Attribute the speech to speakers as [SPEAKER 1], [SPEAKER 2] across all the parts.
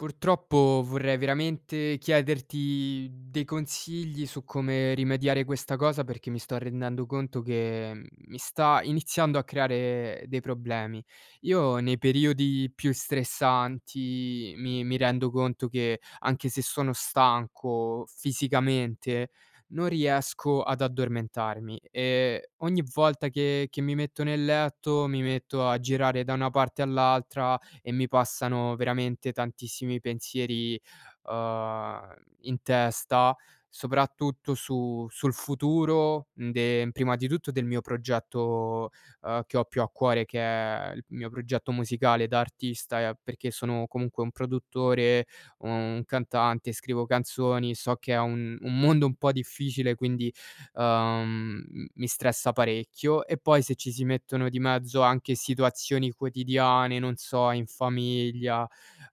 [SPEAKER 1] Purtroppo vorrei veramente chiederti dei consigli su come rimediare questa cosa perché mi sto rendendo conto che mi sta iniziando a creare dei problemi. Io nei periodi più stressanti mi mi rendo conto che, anche se sono stanco fisicamente, non riesco ad addormentarmi e ogni volta che che mi metto nel letto, mi metto a girare da una parte all'altra e mi passano veramente tantissimi pensieri, uhm, in testa, soprattutto su sul futuro de prima di tutto del mio progetto, ehm, che ho più a cuore, che è il mio progetto musicale da artista, ehm, perché sono comunque un produttore, un cantante, scrivo canzoni. So che è un un mondo un po' difficile quindi, ehm, m mi stressa parecchio e poi se ci si mettono di mezzo anche situazioni quotidiane, non so in famiglia,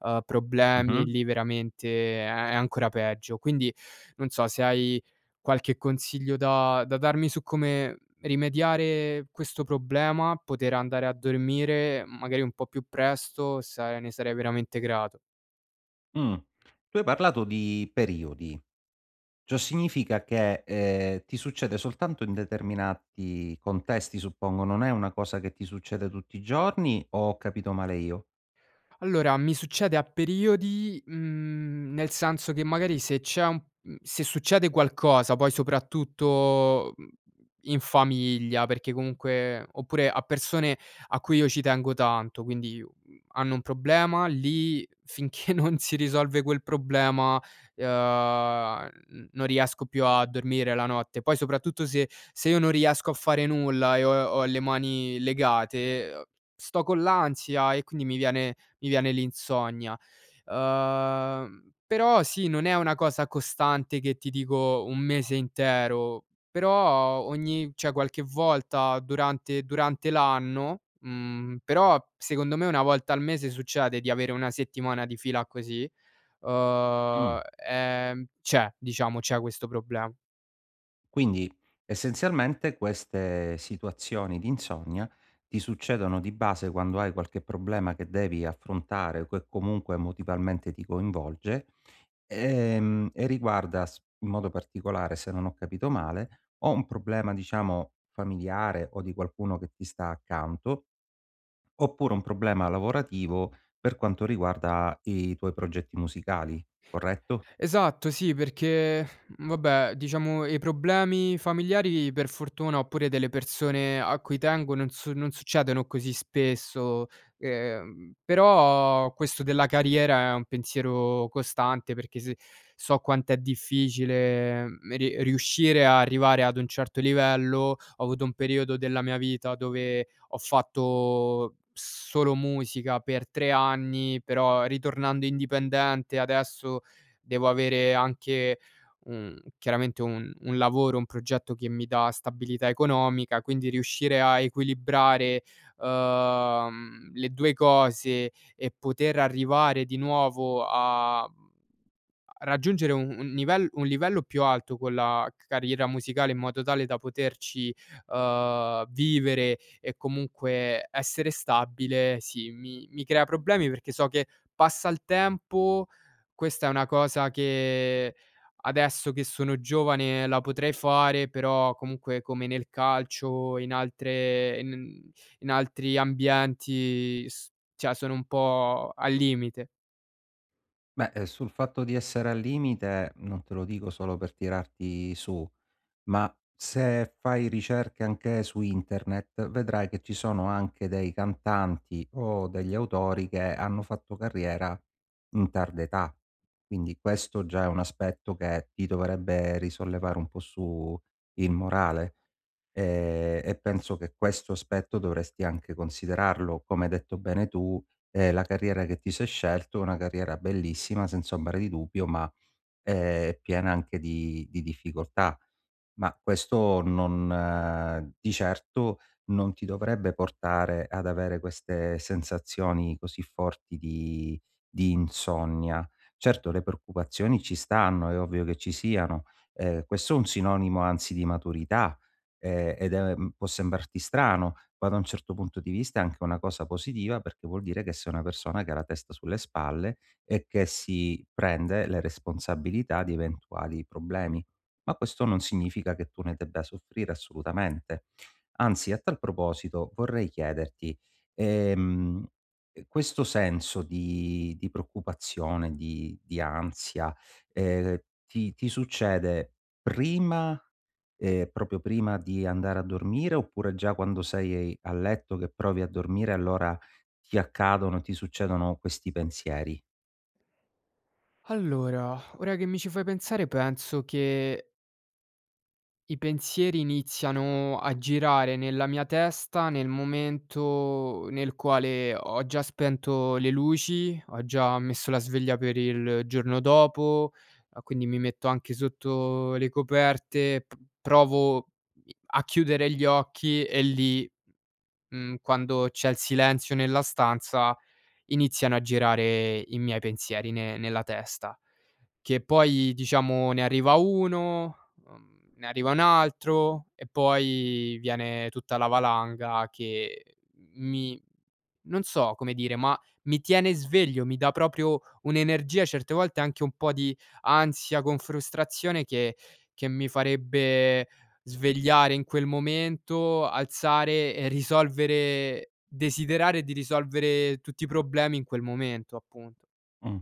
[SPEAKER 1] ehm, problemi,
[SPEAKER 2] Mh-mh.
[SPEAKER 1] lì veramente è è ancora peggio. Quindi non so se hai qualche consiglio da da darmi su come rimediare questo problema, poter andare a dormire magari un po' più presto, sar ne sarei veramente grato.
[SPEAKER 2] Mh, tu hai parlato di periodi, ciò significa che, ehm, ti succede soltanto in determinati contesti suppongo non è una cosa che ti succede tutti i giorni o ho capito male io?
[SPEAKER 1] Allora, mi succede a periodi, mhmm, nel senso che magari se c'è un se succede qualcosa poi soprattutto, mhmm, in famiglia perché comunque oppure a persone a cui io ci tengo tanto, quindi, uhm, hanno un problema, lì finché non si risolve quel problema, ehm, n non riesco più a dormire la notte. Poi soprattutto se se io non riesco a fare nulla e ho ho le mani legate, ehm, sto con l'ansia e quindi mi viene mi viene l'insonnia. Ehm, però sì, non è una cosa costante che ti dico un mese intero, però ogni cioè qualche volta durante durante l'anno, mhmm, però secondo me una volta al mese succede di avere una settimana di fila così, uhm,
[SPEAKER 2] Mh.
[SPEAKER 1] ehm, c'è, diciamo, c'è questo proble
[SPEAKER 2] Quindi essenzialmente queste situazioni di insonnia ti succedono di base quando hai qualche problema che devi affrontare o che comunque emotivamente ti coinvolge, ehm, e riguarda s in modo particolare, se non ho capito male, o un problema diciamo familiare o di qualcuno che ti sta accanto oppure un problema lavorativo, per quanto riguarda i tuoi progetti musicali. Corretto?
[SPEAKER 1] Esatto sì, perché vabbè, diciamo i problemi familiari per fortuna oppure delle persone a cui tengo non su non succedono così spesso. Ehm, però questo della carriera è un pensiero costante perché se so quant'è difficile m riuscire ad arrivare ad un certo livello, ho avuto un periodo della mia vita dove ho fatto solo musica per 3 anni, però ritornando indipendente adesso devo avere anche un chiaramente un un lavoro, un progetto che mi dà stabilità economica. Quindi riuscire a equilibrare, ehm, le 2 cose e poter arrivare di nuovo a, mhmm, a raggiungere u un nivel un livello più alto con la c carriera musicale in modo tale da poterci, ehm, vivere e comunque essere stabile, sì mi mi crea problemi, perché so che passa il tempo, questa è una cosa che adesso che sono giovane la potrei fare però comunque come nel calcio e in altre e n in altri ambienti s cioè sono un po' al limite.
[SPEAKER 2] Beh, sul fatto di essere al limite, non te lo dico solo per tirarti su, ma se fai ricerche anche su internet vedrai che ci sono anche dei cantanti o degli autori che hanno fatto carriera in tarda età. Quindi questo già è un aspetto che ti dovrebbe risollevare un po' su il morale, ehm, e penso che questo aspetto dovresti anche considerarlo. Come hai detto bene tu, ehm, la carriera che ti sei scelto è una carriera bellissima, senza ombra, di dubbio ma, ehm, piena anche di di difficoltà, ma questo non di certo non ti dovrebbe portare ad avere queste sensazioni così forti di di insonnia. Certo, le preoccupazioni ci stanno, è ovvio che ci siano, ehm, questo è un sinonimo anzi di maturità, ehm, ed è può sembrarti strano ma da un certo punto di vista è anche una cosa positiva perché vuol dire che sei una persona che ha la testa sulle spalle e che si prende le responsabilità di eventuali problemi. Ma questo non significa che tu ne debba soffrire assolutamente. Anzi a tal proposito vorrei chiederti: ehm, questo senso di di preoccupazione, di di ansia, ehm, ti ti succede prima, ehm, proprio prima di andare a dormire oppure già quando sei a letto che provi a dormire allora ti accadono ti succedono questi pensieri?
[SPEAKER 1] Allora, ora che mi ci fai pensare penso che i pensieri iniziano a girare nella mia testa nel momento nel quale ho già spento le luci, ho già messo la sveglia per il giorno dopo, ehm, quindi mi metto anche sotto le coperte, p provo i a chiudere gli occhi e lì, m mhmm, quando c'è il silenzio nella stanza iniziano a girare i miei pensieri ne nella testa. Che poi diciamo ne arriva uno, mhmm, ne arriva un altro e poi viene tutta la valanga che mi non so come dire ma mi tiene sveglio, mi dà proprio un'energia certe volte, anche un po' di ansia con frustrazione che che mi farebbe svegliare in quel momento, alzare e risolvere desiderare di risolvere tutti i problemi in quel momento, appunto.
[SPEAKER 2] Mh,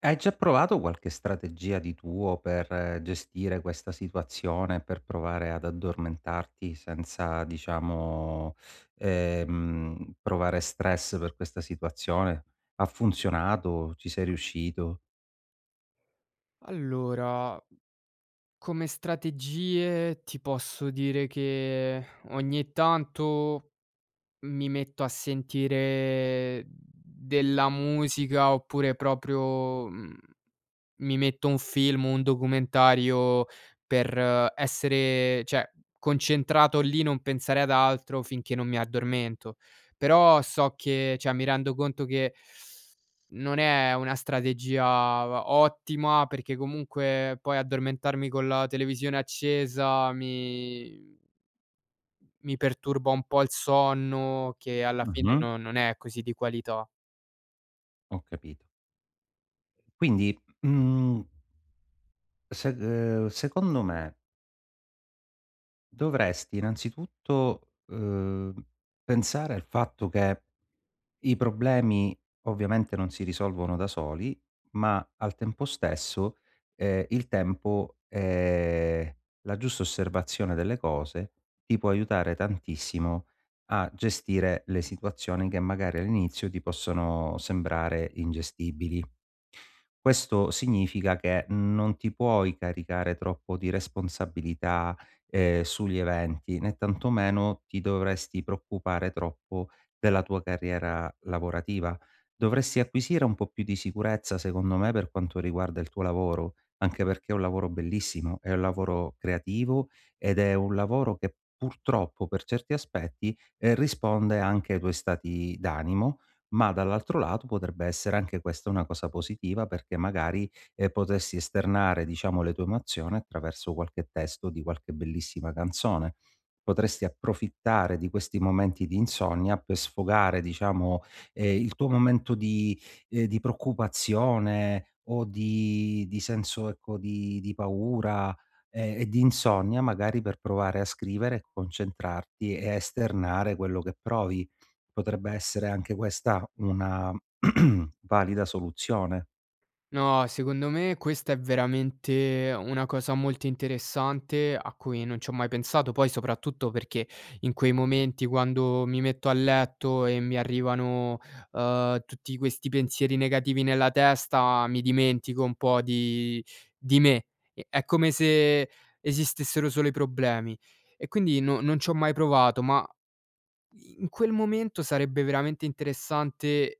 [SPEAKER 2] hai già provato qualche strategia di tuo per gestire questa situazione, per provare ad addormentarti senza diciamo, ehm, provare stress per questa situazione. Ha funzionato? Ci sei riuscito?
[SPEAKER 1] Allora, come strategie ti posso dire che ogni tanto mi metto a sentire della musica oppure proprio, mhmm, mi metto un film, un documentario per essere cioè concentrato lì non pensare ad altro finché non mi addormento. Però so che cioè mi rendo conto che non è una strategia va ottima perché comunque poi addormentarmi con la televisione accesa mi mi perturba un po' il sonno che alla fine
[SPEAKER 2] Mh-mh.
[SPEAKER 1] non non è così di qualità.
[SPEAKER 2] Ho capito. Quindi, m mhmm sed ehm, secondo me dovresti innanzitutto, ehm, pensare al fatto che i problemi ovviamente non si risolvono da soli, ma al tempo stesso, ehm, il tempo, ehm, la giusta osservazione delle cose, ti può aiutare tantissimo a gestire le situazioni che magari all'inizio ti possono sembrare ingestibili. Questo significa che non ti puoi caricare troppo di responsabilità, ehm, sugli eventi, né tantomeno ti dovresti preoccupare troppo della tua carriera lavorativa. Dovresti acquisire un po' più di sicurezza secondo me per quanto riguarda il tuo lavoro, anche perché è un lavoro bellissimo, è un lavoro creativo ed è un lavoro che purtroppo, per certi aspetti risponde, ehm, anche ai tuoi stati d'animo, ma dall'altro lato potrebbe essere anche questa una cosa positiva perché magari, ehm, potresti esternare, diciamo, le tue emozioni attraverso qualche testo di qualche bellissima canzone. Potresti approfittare di questi momenti di insonnia per sfogare diciamo, ehm, il tuo momento di ehm, di preoccupazione o di di senso, ecco, di di paura e e di insonnia, magari per provare a scrivere, concentrarti e esternare quello che provi. Potrebbe essere anche questa una valida soluzione?
[SPEAKER 1] No, secondo me questa è veramente una cosa molto interessante, a cui non c'ho mai pensato, poi soprattutto perché, in quei momenti quando, mi metto a letto e mi arrivano, uhm, tutti questi pensieri negativi nella testa, mi dimentico un po’ di di me, è è come se, esistessero solo i problemi; e quindi no non c'ho mai provato; ma in quel momento sarebbe veramente interessante, eh,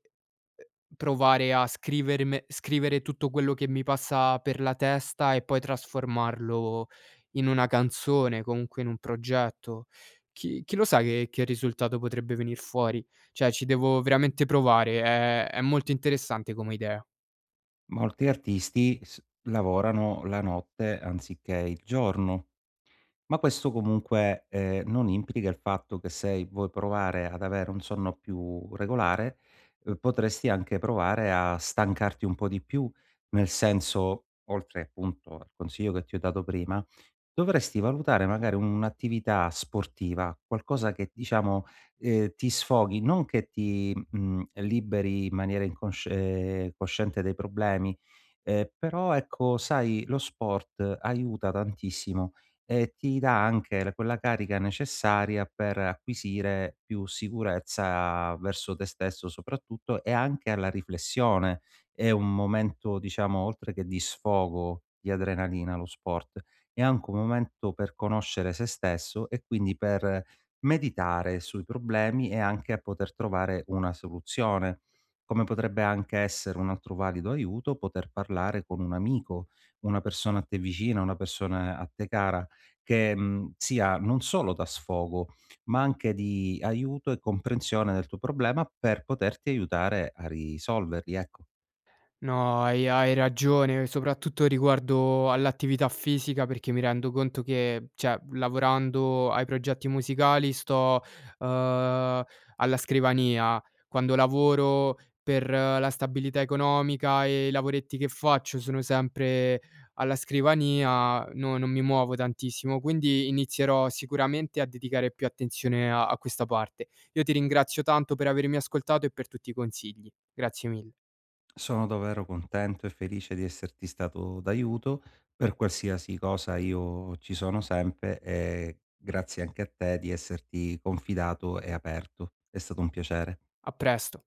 [SPEAKER 1] provare a scriverme scrivere tutto quello che mi passa per la testa e poi trasformarlo in una canzone, comunque in un progetto; chi chi lo sa che che risultato potrebbe venir fuori, cioè ci devo veramente provare, è è molto interessante come idea.
[SPEAKER 2] Molti artisti s lavorano la notte anziché il giorno; ma questo comunque, ehm, non implica il fatto che sei vuoi provare ad avere un sonno più regolare, potresti anche provare a stancarti un po' di più nel senso, oltre appunto, al consiglio che ti ho dato prima, dovresti valutare magari u un'attività sportiva, qualcosa che diciamo, ehm, ti sfoghi, non che ti, mhmm, liberi in maniera incosc uhm, cosciente dai problemi, uhm, però ecco sai lo sport aiuta tantissimo e ti dà anche quella carica necessaria per acquisire più sicurezza verso te stesso soprattutto, e anche alla riflessione. È un momento diciamo oltre che di sfogo, di adrenalina lo sport, è anche un momento per conoscere se stesso e quindi per, meditare sui problemi e anche a poter trovare una soluzione; come potrebbe anche essere un altro valido aiuto, poter parlare con un amico, una persona a te vicina, una persona a te cara, che, mhmm, sia non solo da sfogo ma anche di aiuto e comprensione del tuo problema per poterti aiutare a risolverli, ecco.
[SPEAKER 1] No hai hai ragione, soprattutto riguardo all’attività fisica, perché mi rendo conto che, cioè lavorando ai progetti musicali sto, uhm, alla scrivania, quando lavoro per la stabilità economica e i lavoretti che faccio sono sempre alla scrivania, no non mi muovo tantissimo; quindi inizierò sicuramente a dedicare più attenzione a a questa parte, io ti ringrazio tanto per avermi ascoltato e per tutti i consigli, grazie mille.
[SPEAKER 2] Sono davvero contento e felice di esserti stato d'aiuto, per qualsiasi cosa io ci sono sempre e grazie anche a te di esserti confidato e aperto è stato un piacere.
[SPEAKER 1] A presto.